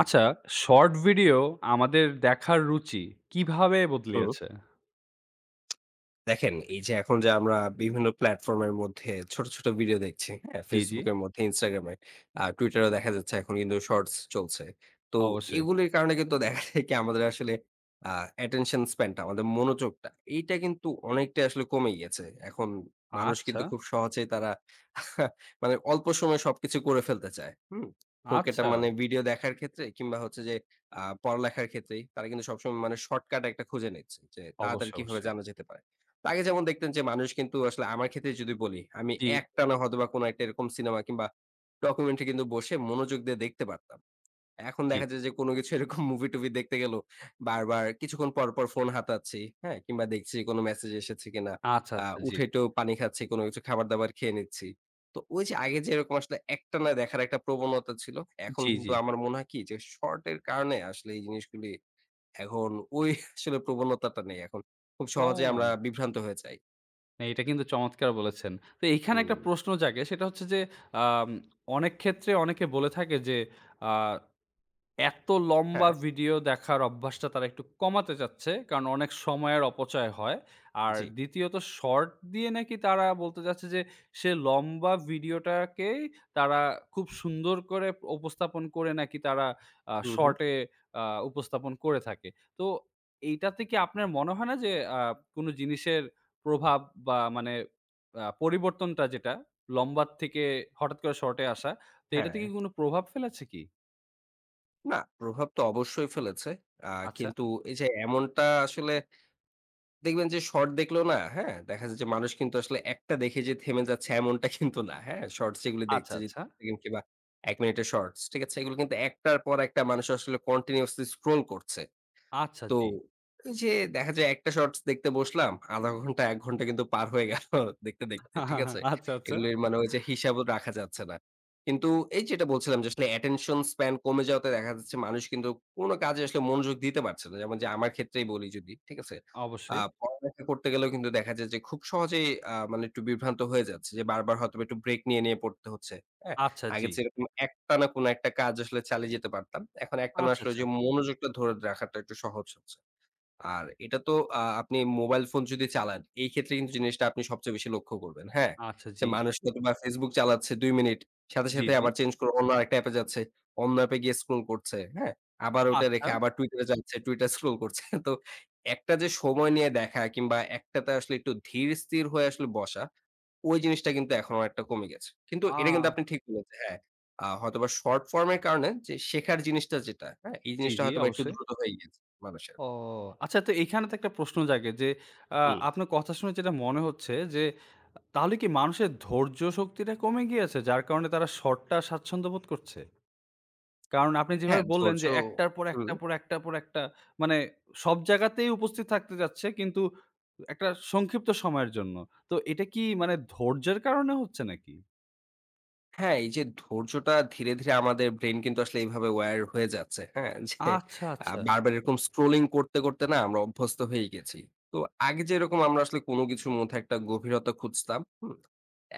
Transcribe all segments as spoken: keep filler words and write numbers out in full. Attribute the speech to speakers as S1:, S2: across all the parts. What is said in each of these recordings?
S1: আচ্ছা short video আমাদের দেখার রুচি কিভাবে
S2: হুম।
S1: বদলিয়েছে?
S2: দেখেন, এই যে এখন যে আমরা বিভিন্ন প্ল্যাটফর্ম এর মধ্যে ছোট, ছোট, ভিডিও দেখছি। হ্যাঁ?
S1: জি, জি।
S2: Facebook এর মধ্যে Instagram এ আ Twitter এও দেখা যাচ্ছে এখন কিন্তু শর্টস চলছে। তো
S1: অবশ্যই।
S2: এগুলির কারণে কিন্তু দেখা যায় কি আমাদের আসলে আ অ্যাটেনশন স্প্যান টা আমাদের মনোযোগটা এইটা কিন্তু অনেকটাই আসলে কমে গিয়েছে। এখন মানুষ
S1: আচ্ছা।
S2: কিন্তু খুব সহজেই তারা মানে অল্প সময়ে সবকিছু করে ফেলতে চায়। হুম হোক এটা
S1: আচ্ছা।
S2: মানে ভিডিও দেখার ক্ষেত্রে কিংবা হচ্ছে যে আ পড়ালেখার ক্ষেত্রেই। তারা কিন্তু সবসময় মানে শর্টকাট একটা খুঁজে নিচ্ছে, যে তাড়াতাড়ি
S1: অবশ্যই,
S2: কিভাবে
S1: অবশ্যই।
S2: জানা যেতে পারে। তো আগে যেমন দেখতেন যে মানুষ কিন্তু আসলে আমার ক্ষেত্রেই যদি বলি, আমি
S1: জি।
S2: একটানা হয়তোবা কোন একটা এরকম সিনেমা কিংবা ডকুমেন্টারি কিন্তু বসে মনোযোগ দিয়ে দেখতে পারতাম। এখন
S1: জি।
S2: দেখা যায় যে কোন কিছু এরকম মুভি-টুভি দেখতে গেলেও বারবার কিছুক্ষণ পর, পর, ফোন হাতাচ্ছি হ্যাঁ কিংবা দেখছি কোন মেসেজ এসেছে কিনা?
S1: আচ্ছা,
S2: আ
S1: আচ্ছা। জি।
S2: উঠে একটু পানি খাচ্ছি কোন কিছু খাবার-দাবার খেয়ে নিচ্ছি। তো ঐ যে আগে যে এরকম আসলে একটানা দেখার একটা প্রবণতা ছিল। এখন
S1: জি, জি।
S2: কিন্তু আমার মনে হয় কি যে শর্ট এর কারণে আসলে এই জিনিসগুলি এখন ঐ আসলে প্রবণতাটা নেই এখন। খুব সহজেই আমরা
S1: ও।
S2: বিভ্রান্ত হয়ে যাই।
S1: না, এটা কিন্তু চমৎকার বলেছেন। তো এখানে একটা
S2: হুম।
S1: প্রশ্ন জাগে। সেটা হচ্ছে যে আম অনেক ক্ষেত্রে অনেকে বলে থাকে যে আ এত লম্বা
S2: হ্যাঁ।
S1: ভিডিও দেখার অভ্যাসটা তারা একটু কমাতে চাচ্ছে। কারণ অনেক সময়ের অপচয় হয়। আর
S2: জি।
S1: দ্বিতীয়ত শর্ট দিয়ে নাকি তারা বলতে চাচ্ছে যে সে লম্বা ভিডিওটাকেই তারা খুব সুন্দর করে উপস্থাপন করে নাকি তারা আ
S2: হুম, হুম।
S1: শর্ট এ আ উপস্থাপন করে থাকে। তো এইটাতে কি আপনার মনে হয় না যে আ কোন জিনিসের প্রভাব বা মানে আ পরিবর্তনটা যেটা লম্বার থেকে হঠাৎ করে শর্ট এ আসা। তো এটাতে কি
S2: হ্যাঁ।
S1: কোন প্রভাব ফেলেছে কি?
S2: না, প্রভাব তো অবশ্যই ফেলেছে। আ
S1: আচ্ছা।
S2: কিন্তু এই যে এমনটা আসলে দেখবেন যে শর্ট দেখলেও না। হ্যাঁ দেখা যায় যে মানুষ কিন্তু আসলে একটা দেখে যে থেমে যাচ্ছে এমনটা কিন্তু না। হ্যাঁ শর্টস যেগুলি
S1: আচ্ছা,
S2: দেখছে যে
S1: আচ্ছা।
S2: [unintelligible] কিংবা এক মিনিটের শর্টস ঠিক আছে, এগুলো কিন্তু একটার পর একটা মানুষ আসলে কন্টিনিউয়াসলি স্ক্রল করছে।
S1: আচ্ছা,
S2: তো
S1: জি।
S2: এই যে দেখা যায় একটা শর্টস দেখতে বসলাম, আধা ঘন্টা এক ঘন্টা কিন্তু পার হয়ে গেলো দেখতে, দেখতে, ঠিক আছে?
S1: আচ্ছা, আচ্ছা।
S2: এগুলির মানে ঐ যে হিসাবও রাখা যাচ্ছে না। কিন্তু এই যেটা বলছিলাম যে আসলে অ্যাটেনশন স্প্যান কমে যাওয়াতে দেখা যাচ্ছে মানুষ কিন্তু কোন কাজে আসলে মনোযোগ দিতে পারছে না। যেমন যে আমার ক্ষেত্রেই বলি যদি ঠিক আছে? আ
S1: অবশ্যই।
S2: পড়ালেখা করতে গেলেও কিন্তু দেখা যায় যে খুব সহজেই আ মানে একটু বিভ্রান্ত হয়ে যাচ্ছে যে বারবার হয়তো একটু ব্রেক নিয়ে নিয়ে পড়তে হচ্ছে হ্যাঁ।
S1: আচ্ছা,
S2: আগে
S1: জি।
S2: যেরকম একটানা কোনো একটা কাজ আসলে চালিয়ে যেতে পারতাম। এখন একটানা
S1: আচ্ছা,
S2: আসলে ঐ
S1: আচ্ছা।
S2: যে মনোযোগটা ধরে রাখাটা একটু সহজ হচ্ছে। আর এটা তো আ আপনি মোবাইল ফোন যদি চালান এই ক্ষেত্রে কিন্তু জিনিসটা আপনি সবচেয়ে বেশি লক্ষ্য করবেন। হ্যাঁ,
S1: আচ্ছা,
S2: যে
S1: জি।
S2: মানুষ হয়তবা Facebook চালাচ্ছে দুই মিনিট। সাথে,
S1: জি,
S2: সাথে,
S1: জি।
S2: আবার চেঞ্জ করে অন্য আরেকটা অ্যাপে যাচ্ছে, অন্য অ্যাপে গিয়ে স্ক্রল করছে। হ্যাঁ? আবার ওটা রেখে
S1: আচ্ছা।
S2: আবার Twitter এ যাচ্ছে, Twitter স্ক্রল করছে তো একটা যে সময় নিয়ে দেখা কিংবা একটাতে আসলে একটু ধীর স্থির হয়ে আসলে বসা। ঐ জিনিসটা কিন্তু এখন অনেকটা কমে গেছে। কিন্তু এটা কিন্তু
S1: আ
S2: আপনি ঠিক বলেছেন। হ্যাঁ, আ হয়তোবা শর্ট ফর্ম এর কারণে যে শেখার জিনিসটা যেটা হ্যাঁ? এই
S1: জি,
S2: জিনিসটা
S1: জি
S2: হয়তোবা একটু
S1: অবশ্যই।
S2: দ্রুত হয়ে গেছে মানুষের।
S1: ও আচ্ছা তো এখানে তো একটা প্রশ্ন জাগে যে আ
S2: হুম।
S1: আপনার কথা শুনে যেটা মনে হচ্ছে যে, তাহলে কি মানুষের ধৈর্য শক্তিটা কমে গিয়েছে যার কারনে তারা শর্টটা স্বাচ্ছন্দ্য বোধ করছে? কারণ আপনি যেভাবে
S2: হ্যাঁ
S1: বললেন
S2: ধৈর্য্য
S1: যে একটার পর,
S2: হুম।
S1: একটার পর, একটার পর, একটা মানে সব জায়গাতেই উপস্থিত থাকতে যাচ্ছে কিন্তু একটা সংক্ষিপ্ত সময়ের জন্য। তো এটা কি মানে ধৈর্যের কারণে হচ্ছে নাকি?
S2: হ্যাঁ, এই যে ধৈর্যটা ধীরে, ধীরে, আমাদের ব্রেইন কিন্তু আসলে এভাবে wired হয়ে যাচ্ছে। হ্যাঁ? যে
S1: আচ্ছা,
S2: আ
S1: আচ্ছা।
S2: বারবার এরকম স্ক্রোলিং করতে, করতে, না, আমরা অভ্যস্ত হয়ে গিয়েছি। তো আগে যেরকম আমরা আসলে কোনো কিছুর মধ্যে একটা গভীরতা খুঁজতাম। হুম?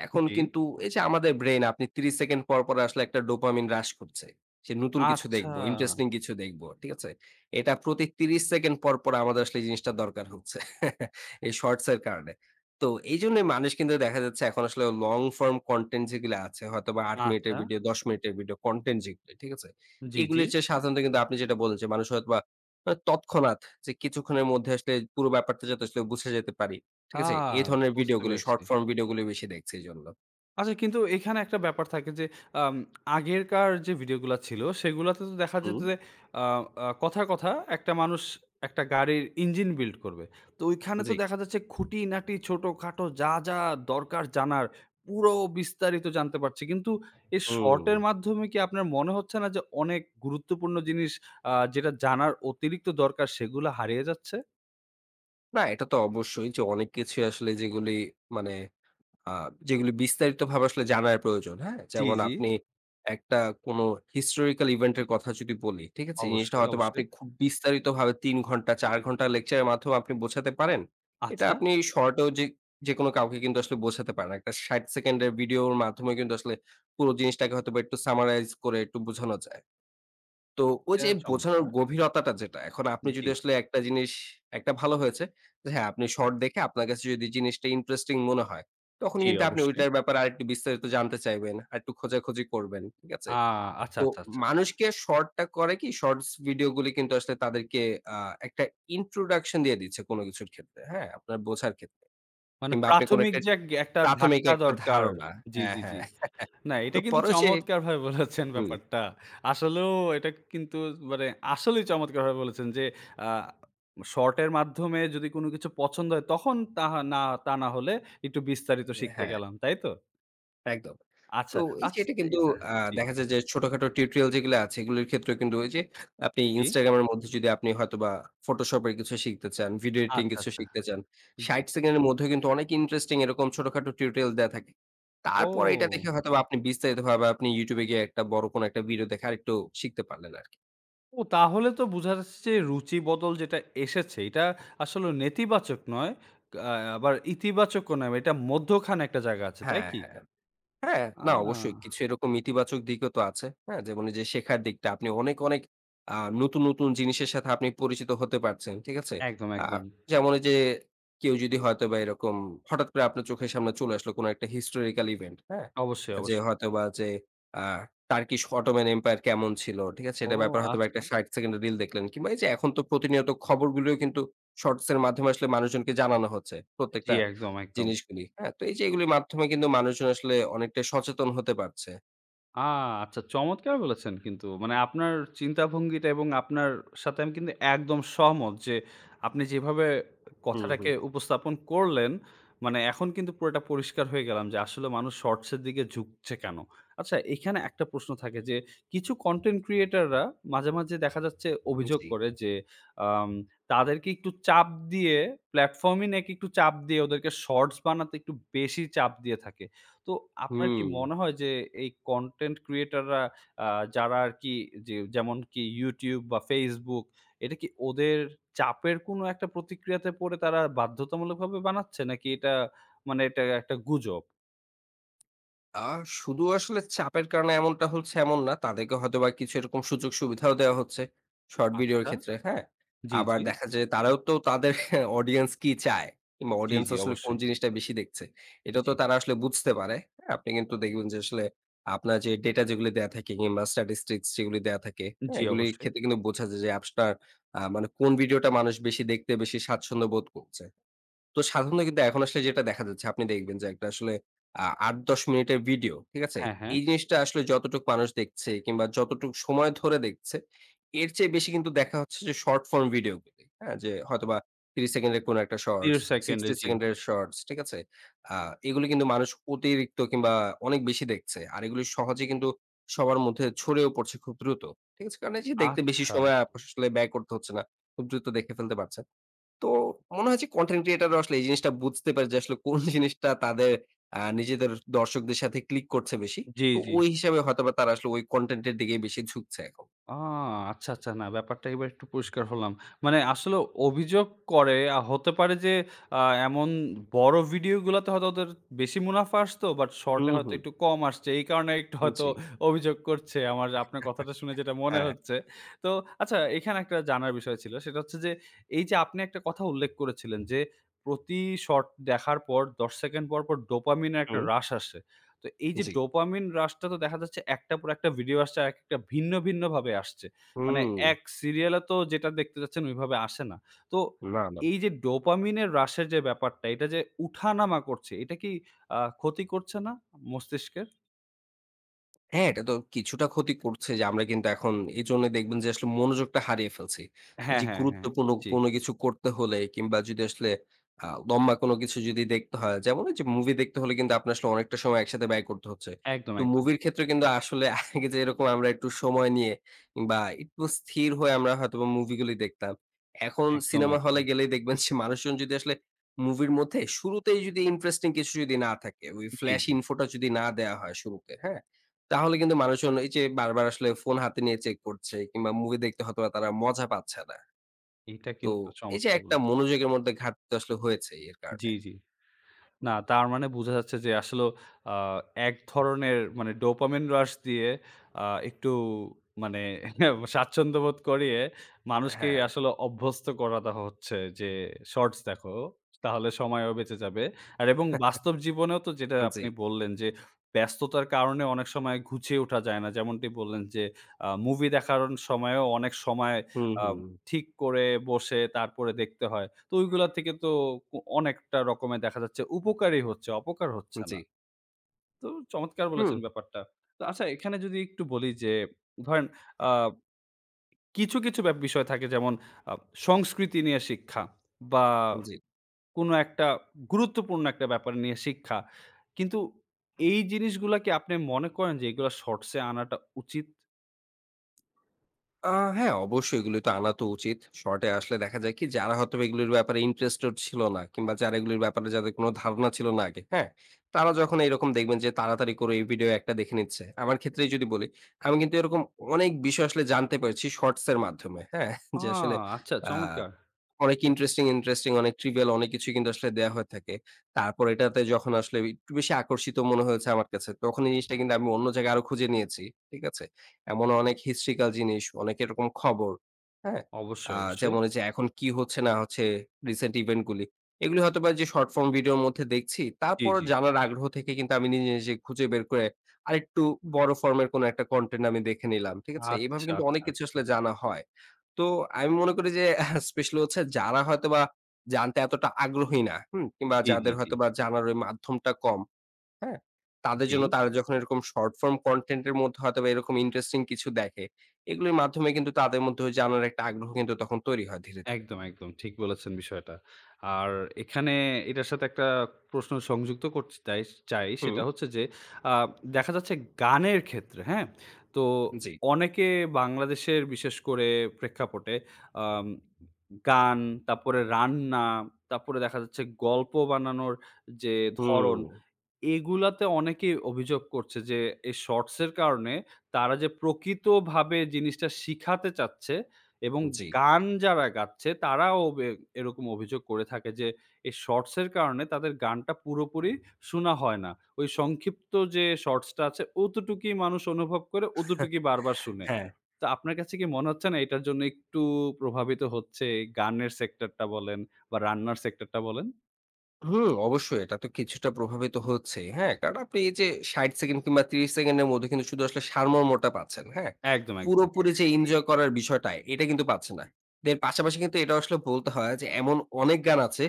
S2: এখন
S1: জি।
S2: কিন্তু এই যে আমাদের ব্রেইন আপনি ত্রিশ সেকেন্ড পর, পর, আসলে একটা ডোপামিন রাশ করছে। সে নতুন কিছু
S1: আচ্ছা!
S2: দেখব, ইন্টারেস্টিং কিছু দেখব। ঠিক আছে? এটা প্রতি ত্রিশ সেকেন্ড পর, পর, আমাদের আসলে এই জিনিসটা দরকার হচ্ছে। এই শর্টসের কারণে। তো এইজন্যই মানুষ কিন্তু দেখা যাচ্ছে এখন আসলে long-form content যেগুলো আছে, হয়তোবা আট মিনিটের
S1: আচ্ছা।
S2: ভিডিও, দশ মিনিটের ভিডিও কনটেন্ট যেগুলি, ঠিক আছে?
S1: জি, জি।
S2: এগুলির চেয়ে সাধারণত কিন্তু আপনি যেটা বলেছেন, মানুষ হয়তোবা আ তৎক্ষণাৎ যে কিছুক্ষণের মধ্যে আসলে পুরো ব্যাপারটা যাতে আসলে বুঝে যেতে পারি।
S1: আ
S2: ঠিক আছে? এ ধরনের
S1: বুঝতে
S2: ভিডিওগুলি,
S1: পেরেছি।
S2: শর্ট ফর্ম ভিডিওগুলি বেশি দেখছে এজন্য।
S1: আচ্ছা কিন্তু এইখানে একটা ব্যাপার থাকে যে আম আগেরকার যে ভিডিওগুলা ছিল, সেগুলাতে তো দেখা যেত
S2: হুম।
S1: যে আ আ কথার কথা, একটা মানুষ একটা গাড়ির ইঞ্জিন বিল্ড করবে। তো ওইখানে তো
S2: জি।
S1: দেখা যাচ্ছে খুঁটিনাটি ছোটখাটো যা, যা, দরকার জানার, পুরো বিস্তারিত জানতে পারছি। কিন্তু এই শর্টের
S2: হুম।
S1: মাধ্যমে কি আপনার মনে হচ্ছে না যে অনেক গুরুত্বপূর্ণ জিনিস আ যেটা জানার অতিরিক্ত দরকার, সেগুলা হারিয়ে যাচ্ছে?
S2: না, এটা তো অবশ্যই যে অনেক কিছুই আসলে যেগুলি মানে আ যেগুলি বিস্তারিত ভাবে আসলে জানার প্রয়োজন, হ্যাঁ?
S1: টি,
S2: যেমন
S1: জি।
S2: আপনি একটা কোনো হিস্টোরিক্যাল ইভেন্ট এর কথা যদি বলি, ঠিক আছে? এই জিনিসটা
S1: অবশ্যই,
S2: হয়তোবা আপনি
S1: অবশ্যই।
S2: খুব বিস্তারিতভাবে তিন ঘন্টা চার ঘন্টা লেকচারের মাধ্যমে আপনি বোঝাতে পারেন। এটা
S1: আচ্ছা।
S2: আপনি শর্টেও যে যেকোনো কাউকে কিন্তু আসলে বোঝাতে পারেন। একটা ষাট সেকেন্ডের ভিডিওর মাধ্যমে কিন্তু আসলে পুরো জিনিসটাকে হয়তোবা একটু Summarize করে একটু বোঝানো যায়। তো ওই
S1: অ্যা,
S2: যে বোঝানোর
S1: চমৎকা
S2: গভীরতাটা যেটা এখন আপনি
S1: জি।
S2: যদি আসলে একটা জিনিস একটা ভালো হয়েছে। হ্যাঁ, আপনি শর্ট দেখে আপনার কাছে যদি জিনিসটা ইন্টারেস্টিং মনে হয় তখন
S1: জি,
S2: কিন্তু আপনি
S1: অবশ্যই।
S2: ঐটার ব্যাপারে আরেকটু বিস্তারিত জানতে চাইবেন। আরেকটু খোঁজাখুঁজি করবেন, ঠিক আছে?
S1: আ আচ্ছা,
S2: তো
S1: আচ্ছা, আচ্ছা, আচ্ছা।
S2: মানুষকে শর্ট টা করে কি শর্টস ভিডিও গুলো কিন্তু আসলে তাদেরকে আ একটা ইন্ট্রোডাকশন দিয়ে দিচ্ছে কোনো কিছুর ক্ষেত্রে, হ্যাঁ? আপনার
S1: হুম।
S2: বোঝার ক্ষেত্রে।
S1: মানে
S2: কিংবা আপনি কোনো
S1: প্রাথমিক
S2: একটা
S1: যে এগ একটা
S2: প্রাথমিক
S1: ধাক্কা
S2: একটা
S1: দরকার।
S2: ধারণা
S1: জি,
S2: হ্যাঁ
S1: জি, জি।
S2: হ্যাঁ।
S1: না এটা
S2: তো
S1: কিন্তু
S2: পরে সে
S1: চমৎকার ভাবে বলেছেন
S2: হুম।
S1: ব্যাপারটা। আসলেও এটা কিন্তু মানে আসলেই চমৎকার ভাবে বলেছেন যে আ শর্টের মাধ্যমে যদি কোনো কিছু পছন্দ হয় তখন তাহ না তা না হলে একটু বিস্তারিত
S2: উ
S1: শিখতে
S2: হ্যাঁ।
S1: গেলাম। তাই তো?
S2: একদম।
S1: আচ্ছা,
S2: তো এই
S1: আচ
S2: যে এটা
S1: তে
S2: কিন্তু
S1: এট
S2: আ
S1: জি।
S2: দেখা যায় যে আ ছোটখাটো টিউটোরিয়াল যেইগুলা আছে এগুলোর ক্ষেত্র কিন্তু ওইযে আপনি
S1: জি।
S2: Instagram এর মধ্যে যদি আপনি হয়তোবা Photoshop এর কিছু শিখতে চান, ভিডিও এডিটিং
S1: আচ্ছা,
S2: কিছু
S1: আচ্ছা।
S2: শিখতে চান, ষাট
S1: জি।
S2: সেকেন্ডের মধ্যেও কিন্তু অনেক ইন্টারেস্টিং এরকম ছোটখাটো টিউটোরিয়াল দেয়া থাকে। তারপরে এইটা
S1: ও।
S2: দেখে হয়তোবা আপনি বিস্তারিত ভাবে আপনি YouTube এ গিয়ে একটা বড় কোনো একটা ভিডিও দেখে আরেকটু শিখতে পারলেন আরকি।
S1: ও তাহলে তো বুঝা যাছে যে রুচি বদল যেটা এসেছে, এইটা আসলে নেতিবাচক নয় কা আবার ইতিবাচক ও নয়। আ এইটা মধ্য খানে একটা জায়গা আছে তাই
S2: হ্যাঁ,
S1: কি?
S2: হ্যাঁ। হ্যাঁ।
S1: আ।
S2: না অবশ্যই কিছু এরকম ইতিবাচক দিকও তো আছে, হ্যাঁ? যেমন এই যে শেখার দিকটা, আপনি অনেক, অনেক আ নতুন, নতুন জিনিসের সাথে আপনি পরিচিত হতে পারছেন, ঠিক আছে?
S1: একদম,
S2: আ
S1: একদম।
S2: যেমন এইযে কেউ যদি হয়তোবা এরকম হঠাৎ করে আপনার চোখের সামনে চলে আসলো কোনো একটা historical event, হ্যাঁ?
S1: অবশ্যই,
S2: অ্যা যে
S1: অবশ্যই।
S2: হয়তোবা যে আ Turkish Ottoman Empire কেমন ছিল, ঠিক আছে?
S1: ও
S2: এটার ব্যাপারে হয়তোবা
S1: আচ্ছা।
S2: ষাট সেকেন্ডের রিল দেখলেন। কিংবা এই যে এখন তো প্রতিনিয়ত খবরগুলোও কিন্তু শর্টস এর মাধ্যমে আসলে মানুষজনকে জানানো হচ্ছে
S1: আ জি।
S2: প্রত্যেকটা
S1: একদম, একদম।
S2: জিনিসগুলি, হ্যাঁ? তো এই যে এগুলির মাধ্যমে কিন্তু মানুষজন আসলে অনেকটাই সচেতন হতে পারছে।
S1: আ আচ্ছা চমৎকার বলেছেন কিন্তু মানে আপনার চিন্তা ভঙ্গিটা এবং আপনার সাথে আমি কিন্তু একদম সহমত যে, আপনি যেভাবে
S2: হুম,
S1: কথাটাকে
S2: হুম।
S1: উপস্থাপন করলেন। মানে এখন কিন্তু পুরোটা পরিষ্কার হয়ে গেলাম যে, আসলে মানুষ শর্টস এর দিকে ঝুঁকছে কেন? আচ্ছা এখানে একটা প্রশ্ন থাকে যে, কিছু কনটেন্ট ক্রিয়েটর রা মাঝে, মাঝে, দেখা যাচ্ছে অভিযোগ
S2: জ্বী।
S1: করে যে, আম তাদেরকে একটু চাপ দিয়ে প্লাটফর্ম নাকি একটু চাপ দিয়ে ওদেরকে শর্টস বানাতে বেশি চাপ দিয়ে থাকে। তো আপনার কি
S2: হুম।
S1: মনে হয় যে, এই কনটেন্ট ক্রিয়েটররা আ যারা আর কি যে যেমনকি YouTube বা Facebook এটা কি ওদের চাপের কোনো একটা প্রতিক্রিয়াতে পড়ে তারা বাধ্যতামূলকভাবে বানাচ্ছে নাকি এটা মানে এটা একটা গুজব?
S2: আ শুধু আসলে চাপের কারণে এমনটা হচ্ছে এমন না। তাদেরকে হয়তো বা কিছু এরকম সুযোগ সুবিধাও দেয়া হচ্ছে শর্ট ভিডিওর
S1: আচ্ছা।
S2: ক্ষেত্রে। হ্যাঁ?
S1: জি,
S2: আবার
S1: জি।
S2: দেখা যায় তারাও তো তাদের অডিয়েন্স কি চায় কিংবা
S1: জ্বী,
S2: অডিয়েন্স
S1: জ্বী
S2: আসলে কোন
S1: অবশ্যই।
S2: জিনিসটা বেশি দেখছে? এটা তো
S1: জ্বি।
S2: তারা আসলে বুঝতে পারে, হ্যাঁ। আপনি কিন্তু দেখবেন যে, আসলে আপনার যে, ডেটা যেগুলি দেয়া থাকে কিংবা স্ট্যাটিস্টিকস যেগুলি দেয়া থাকে, হ্যা?
S1: জ্বি,
S2: এগুলির
S1: অবশ্যই।
S2: ক্ষেত্রে কিন্তু বোঝা যায় যে, অ্যাপসটা আ মানে কোন ভিডিওটা মানুষ বেশি দেখতে বেশি স্বাচ্ছন্দ্য বোধ কচ্চে? তো সাধারণত কিন্তু এখন আসলে যেটা দেখা যাচ্ছে আপনি দেখবেন যে, একটা আসলে আ আট-দশ মিনিটের ভিডিও। ঠিক আছে?
S1: হ্যাঁ, হ্যাঁ।
S2: এই জিনিসটা আসলে যতটুক মানুষ দেখছে কিংবা যতটুক সময় ধরে দেখছে, এর চেয়ে বেশি কিন্তু দেখা হচ্ছে যে, শর্ট ফর্ম ভিডিও গুলি হ্যা, যে, হয়তোবা ত্রিশ সেকেন্ডের কোন একটা শর্টস
S1: তিরস সেকেন্ডে
S2: sixty
S1: জি।
S2: সেকেন্ডের শটস ঠিক আছে? আ এগুলি কিন্তু মানুষ অতিরিক্ত কিংবা অনেক বেশি দেখছে। আর এগুলি সহজেই কিন্তু সবার মধ্যে ছড়িয়েও পড়ছে খুব দ্রুত। ঠিক আছে? কারণ এই দেখতে বেশি
S1: আচ্ছা।
S2: সময় আপআসলে ব্যয় করতে হচ্ছে না। খুব দ্রুত দেখে ফেলতে পারছেন। তো মনে হচ্ছে কনটেন্ট ক্রিয়েটর রা আসলে এই জিনিসটা বুঝতে পারে যে, আসলে কোন জিনিসটা তাদের আ নিজেদের দর্শকদের সাথে ক্লিক করছে বেশি।
S1: জ্বি,
S2: তো
S1: জ্বি।
S2: ওই হিসাবে হয়তো বা তারা আসলে কনটেন্ট এর দিগেই বেশি ঝুঁকছে এখন।
S1: আ আচ্ছা, আচ্ছা, না ব্যাপারটা এবার একটু পরিষ্কার হলাম। মানে আসলে অভিযোগ করে আ হতে পারে যে, আ এমন বড় ভিডিও গুলাতে হয়তো ওদের বেশি মুনাফা আসতো বাট শর্ট এ
S2: হুম,
S1: হয়তো
S2: হুম।
S1: একটু কম আসছে। এই কারণে একটু হয়তো
S2: জ্বী।
S1: অভিযোগ করছে আমার আপনার কথাটা শুনে যেটা মনে
S2: হ্যাঁ।
S1: হচ্ছে। তো আচ্ছা এইখানে একটা জানার বিষয় ছিল সেটা হচ্ছে যে, এই যে, আপনি একটা কথা উল্লেখ করেছিলেন যে, প্রতি শর্ট দেখার পর দশ সেকেন্ড পর, পর, ডোপামিন এর একটা
S2: হুম।
S1: রাশ আসে। তো এই যে,
S2: জ্বি।
S1: ডোপামিন রাশটা তো দেখা যাচ্ছে একটা পর একটা ভিডিও আসছে আর একটা ভিন্ন, ভিন্ন, ভাবে আসছে। মানে
S2: হুম।
S1: এক সিরিয়ালে তো যেটা দেখতে যাচ্ছেন ওইভাবে আসে না। তো
S2: না, না।
S1: এই যে, ডোপামিন এর রাশের যে, ব্যাপারটা এটা যে, উঠানামা করছে এটা কি আ ক্ষতি করছে না মস্তিষ্কের?
S2: হ্যাঁ এটা তো কিছুটা ক্ষতি করছে যে আমরা কিন্তু এখন এজন্যই দেখবেন যে আসলে মনোযোগটা হারিয়ে ফেলছি।
S1: হ্যাঁ,
S2: যে
S1: হ্যাঁ, হ্যাঁ।
S2: গুরুত্বপূর্ণ
S1: জি।
S2: কোনো কিছু করতে হলে কিংবা যদি আসলে আও লম্বা কোনো কিছু যদি দেখতে হয় যেমন ঐযে মুভি দেখতে হলে কিন্তু আপনার আসলে অনেকটা সময় একসাথে ব্যয় করতে হচ্ছে।
S1: একদম,
S2: তো
S1: একদম।
S2: মুভির
S1: ঠিক।
S2: ক্ষেত্রে কিন্তু আসলে আগে যদি এরকম আমরা একটু সময় নিয়ে বা একটু স্থির হয়ে আমরা হয়তোবা মুভি গুলি দেখতাম। এখন
S1: একদম,
S2: সিনেমা হলে
S1: একদম।
S2: গেলেই দেখবেন যে মানুষজন যদি আসলে মুভির মধ্যেই শুরুতেই যদি ইন্টারেস্টিং কিছু যদি না থাকে, ওই
S1: জি,
S2: flash
S1: জি।
S2: info টা যদি না দেয়া হয় শুরুতে, হ্যাঁ? তাহলে কিন্তু মানুষজন এই যে বারবার আসলে ফোন হাতে নিয়ে চেক করছে কিংবা মুভি দেখতে হয়তো তারা মজা পাচ্ছে না।
S1: এইটা
S2: তো
S1: কিন্তু
S2: এই যে
S1: চমৎকার
S2: একটা
S1: বলেছেন।
S2: মনোযোগের মধ্যে ঘাটতি আসলে হয়েছে এর
S1: জি,
S2: কারণে।
S1: জি। না তার মানে বোঝা যাচ্ছে যে আসলেও আ এক ধরনের মানে ডোপামিন রাশ দিয়ে আ একটু মানে স্বাচ্ছন্দ্যবোধ করিয়ে মানুষকেই
S2: হ্যাঁ।
S1: আসলে অভ্যস্ত করা দেওয়া হচ্ছে যে শর্টস দেখো তাহলে সময়ও বেঁচে যাবে আর এবং বাস্তব জীবনেও তো যেটা
S2: আন জি।
S1: আপনি বললেন যে ব্যস্ততার কারণে অনেক সময় ঘুচিয়ে ওঠা যায় না। যেমনটি বললেন যে আ মুভি দেখার অন সময়ও অনেক সময়
S2: হুম, হু।
S1: আব ঠিক করে বসে তারপরে দেখতে হয়। তো ঐগুলা থেকে তো ক অনেকটা রকমের দেখা যাচ্ছে উপকারই হচ্ছে অপকার হচ্ছে
S2: উনচি।
S1: না। তো চমৎকার
S2: হুম।
S1: বলেছেন ব্যাপারটা। তো আচ্ছা এখানে যদি একটু বলি যে ধরেন আব কিছু, কিছু বে বিষয় থাকে যেমন আ সংস্কৃতি নিয়ে শিক্ষা বা
S2: উন জি।
S1: কোনো একটা গুরুত্বপূর্ণ একটা ব্যাপার নিয়ে শিক্ষা। কিন্তু এই জিনিসগুলা কী আপনি মনে করেন যে এগুলা শর্টসে আনাটা উচিত?
S2: আ হ্যাঁ। অবশ্যই এগুলি তো আনা তো উচিত। শর্ট এ আসলে দেখা যায় কি? যারা হয়তো এগুলির ব্যাপারে ইন্টারেস্টেড ছিল না কিংবা যারা এগুলির ব্যাপারে যাদের কোনো ধারণা ছিল না আগে, হ্যাঁ? তারা যখন এইরকম দেখবেন যে তাড়াতাড়ি করে এই ভিডিও একটা দেখে নিচ্ছে। আমার ক্ষেত্রেই যদি বলি। আমি কিন্তু এরকম অনেক বিষয় আসলে জানতে পারছি শর্টস এর মাধ্যমে, হ্যাঁ?
S1: ও
S2: যে আসলে
S1: আচ্ছা।
S2: আ
S1: চমৎকার!
S2: অনেক ইন্টারেস্টিং, ইন্টারেস্টিং অনেক trivial অনেক কিছুই কিন্তু আসলে দেয়া হয়ে থাকে। তারপর এটাতে যখন আসলে একটু বেশি আকর্ষিত মনে হয়েছে আমার কাছে, তখন এই জিনিসটা কিন্তু আমি অন্য জায়গায় আরো খুঁজে নিয়েছি, ঠিক আছে? এমন অনেক historical জিনিস, অনেক এরকম খবর, হ্যাঁ?
S1: অবশ্যই,
S2: আ
S1: অবশ্যই।
S2: যেমন এইযে এখন কি হচ্ছে না হচ্ছে রিসেন্ট ইভেন্ট গুলি। এগুলি হয়তো বা যে শর্ট ফর্ম ভিডিও'র মধ্যে দেখছি,
S1: জি,
S2: তারপর
S1: জি।
S2: জানার আগ্রহ থেকে কিন্তু আমি নিজে, নিজে খুঁজে বের করে আরেকটু বড় ফর্ম এর কোনো একটা কনটেন্ট আমি দেখে নিলাম, ঠিক আছে? এইভাবে
S1: আচ্ছা,
S2: কিন্তু অনেক
S1: আচ্ছা,
S2: কিছু
S1: আচ্ছা।
S2: আসলে জানা হয়। তো আমি মনে করি যে স্পেশাল হচ্ছে যারা হয়তোবা জানতে এতটা আগ্রহী না, হুম? কিংবা
S1: জি, জি,
S2: যাদের
S1: জি।
S2: হয়তোবা জানার ওই মাধ্যমটা কম, হ্যাঁ? তাদের
S1: জি।
S2: জন্য তারা যখন এরকম short form content এর মধ্যে হয়তো বা এরকম ইন্টারেস্টিং কিছু দেখে, এগুলির মাধ্যমে কিন্তু তাদের মধ্যে ওই জানার একটা আগ্রহ কিন্তু তৈরি হয় ধীরে, ধীরে।
S1: একদম, একদম। ঠিক বলেছেন বিষয়টা। আর এখানে এইটার সাথে একটা প্রশ্ন সংযুক্ত করচে তাই চাই সেটা
S2: হুম।
S1: হচ্ছে যে আ দেখা যাচ্ছে গানের ক্ষেত্রে, হ্যাঁ? তো
S2: জি।
S1: অনেকে বাংলাদেশের বিশেষ করে প্রেক্ষাপটে আম গান তাপ্পরে রান্না, তাপ্পরে দেখা যাচ্ছে গল্প বানানোর যে ধরন,
S2: হুম।
S1: এগুলাতে অনেকেই অভিযোগ করছে যে এই শর্টসের কারণে তারা যে প্রকৃতভাবে জিনিসটা শিখাতে চাচ্ছে। এবং
S2: জি।
S1: গান যারা গাচ্ছে তারাও ওবে এরকম অভিযোগ করে থাকে যে এই শর্টস এর কারণে তাদের গানটা পুরোপুরি শুনা হয় না। ওই সংক্ষিপ্ত যে শর্টস টা আছে, অতটুকুই মানুষ অনুভব করে, অতটুকুই বারবার শুনে।
S2: হ্যাঁ।
S1: তা আপনার কাছে কি মনে হচ্ছে না এইটার জন্য একটু প্রভাবিত হচ্ছে গানের সেক্টর টা বলেন বা রান্নার সেক্টর টা বলেন?
S2: হুম, অবশ্যই। এটা তো কিছুটা প্রভাবিত হচ্ছেই, হ্যাঁ? কারণ আপনি এইযে ষাট সেকেন্ড কিংবা ত্রিশ সেকেন্ডের মধ্যে কিন্তু শুধু আসলে সারমর্মটা পাচ্ছেন, হ্যাঁ?
S1: একদম, একদম।
S2: পুরোপুরি যে ইনজয় করার বিষয়টা, এইটা কিন্তু পাচ্ছে না। এর পাশাপাশি কিন্তু এটাও আসলে বলতে হয় যে এমন অনেক গান আছে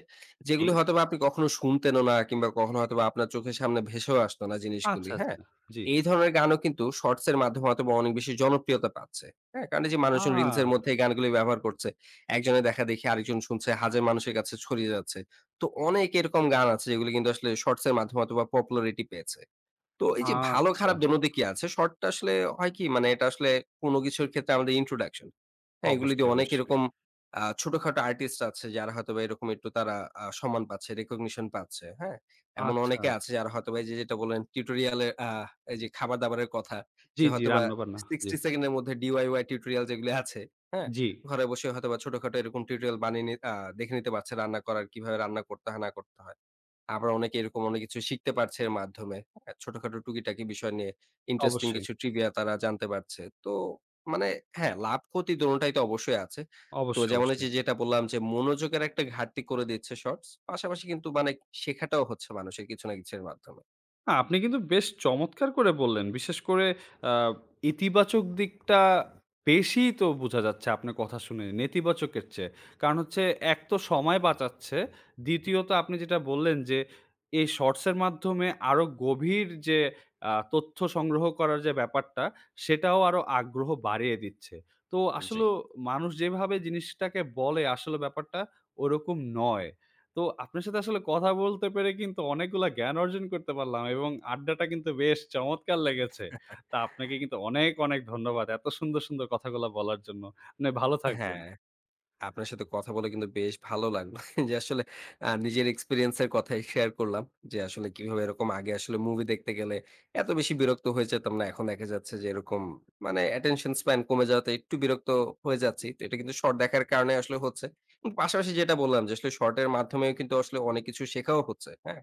S1: জী।
S2: যেগুলি হয়তোবা আপনি কখনো শুনতেনও না কিংবা কখনো হয়তোবা আপনার চোখের সামনে ভেসেও আসতো না
S1: আচ্ছা,
S2: জিনিসগুলি, হ্যাঁ?
S1: আচ্ছা, জ্বি।
S2: এই ধরনের গানও কিন্তু শর্টস এর মাধ্যমে হয়তোবা অনেক বেশি জনপ্রিয়তা পাচ্ছে, হ্যাঁ? কারণ এইযে মানুষজন রিলস এর
S1: আ
S2: মধ্যে এই গানগুলি ব্যবহার করছে। একজনের দেখাদেখি আরেকজন শুনছে, হাজে মানুষের কাছে ছড়িয়ে যাচ্ছে। তো অনেক এরকম গান আছে যেগুলি কিন্তু আসলে শর্টস এর মাধ্যমে হয়তোবা popularity পেয়েছে। তো এই যে ভালো
S1: আচ্ছা।
S2: খারাপ দোনো দিকই আছে। শর্ট টা আসলে হয় কি? মানে এটা আসলে কোনো কিছুর ক্ষেত্রে আমাদের introduction হ্যাঁ? এইগুলি
S1: অবশ্যই,
S2: দিয়ে অনেক
S1: অবশ্যই।
S2: এরকম আ ছোটখাটো আর্টিস্ট আছে যারা হয়তোবা এরকম এট্টু তারা আ সম্মান পাচ্ছে, recognition পাচ্ছে, হ্যাঁ? এমন
S1: আচ্ছা।
S2: অনেকে আছে যারা হয়তোবা এই যে যেটা বললেন tutorial এ আ এই যে খাবার-দাবারের কথা,
S1: জ্বি,
S2: যে
S1: জ্বি,
S2: হয়তোবা
S1: রান্নাবান্না জি।
S2: sixty সেকেন্ডের মধ্যে DIY টিউটোরিয়াল যেগুলি আছে, হ্যাঁ?
S1: জ্বি।
S2: ঘরে বসে হয়তোবা ছোটখাটো এরকম টিউটোরিয়াল বানিয়ে নি আ দেখে নিতে পারছে। রান্না করার, কিভাবে রান্না করতে হয় না করতে হয়। আবার অনেকে এরকম অনেক কিছু শিখতে পারছে এর মাধ্যমে, হ্যাঁ? ছোটখাটো টুকিটাকি বিষয় নিয়ে ইন্টারেস্টিং
S1: অবশ্যই।
S2: কিছু trivia তারা জানতে পারছে। তো মানে হ্যাঁ লাভক্ষতি দোনোটাই তো অবশ্যই আছে। তো
S1: অবশ্যই,
S2: যেমন
S1: অবশ্যই।
S2: অইযে যেটা বললাম যে মনোযোগের একটা ঘাটতি করে দিচ্ছে শর্টস। পাশাপাশি কিন্তু মানে শেখাটাও হচ্ছে মানুষের কিছু না কিছুর মাধ্যমে।
S1: আ আপনি কিন্তু বেশ চমৎকার করে বললেন। বিশেষ করে আ ইতিবাচক দিকটা বেশিই তো বোঝা যাচ্ছে আপনার কথা শুনে, নেতিবাচকের চেয়ে। কারণ হচ্ছে এক তো সময় বাঁচাচ্ছে,
S2: হু।
S1: দ্বিতীয়ত আপনি যেটা বললেন যে, এই শর্টসের মাধ্যমে আরো গভীর যে আ তথ্য সংগ্রহ করার যে ব্যাপারটা, সেটাও আরো আগ্রহ বাড়িয়ে দিচ্ছে। তো আসলো
S2: জি।
S1: মানুষ যেভাবে জিনিসটাকে বলে, আসলে ব্যাপারটা ওইরকম নয়। তো আপনার সাথে আসলে কথা বলতে পেরে কিন্তু অনেকগুলা জ্ঞান অর্জন করতে পারলাম এবং আড্ডাটা কিন্তু বেশ চমৎকার লেগেছে। তা আপনাকে কিন্তু অনেক, অনেক ধন্যবাদ। এত সুন্দর, সুন্দর কথাগুলো বলার জন্য। আপনি ভালো থাকবেন।
S2: হ্যাঁ, আপনার সাথে কথা বলে কিন্তু বেশ ভালো লাগলো। যে আসলে অ্যা নিজের এক্সপেরিয়েন্সের কথাই শেয়ার করলাম যে, আসলে কিভাবে এরকম আগে আসলে মুভি দেখতে গেলে এত বেশি বিরক্ত হয়ে যেতাম না, এখন দেখা যাচ্ছে যে এরকম মানে attention span কমে যাওয়াতে একটু বিরক্ত হয়ে যাচ্ছি, তো এটা কিন্তু শর্ট দেখার কারণে আসলে হচ্ছে। উম পাশাপাশি যেটা বললাম যে, আসলে শর্টের মাধ্যমেও কিন্তু আসলে অনেক কিছু শেখাও হচ্ছে, হ্যাঁ,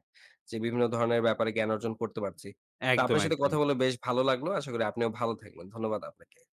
S2: যে বিভিন্ন ধরণের ব্যাপারে জ্ঞান অর্জন করতে পারছি। তা
S1: একদম,
S2: আপনার সাথে
S1: একদম।
S2: কথা বলে বেশ ভালো লাগলো। আশা করি আপনিও ভালো থাকবেন। ধন্যবাদ আপনাকে।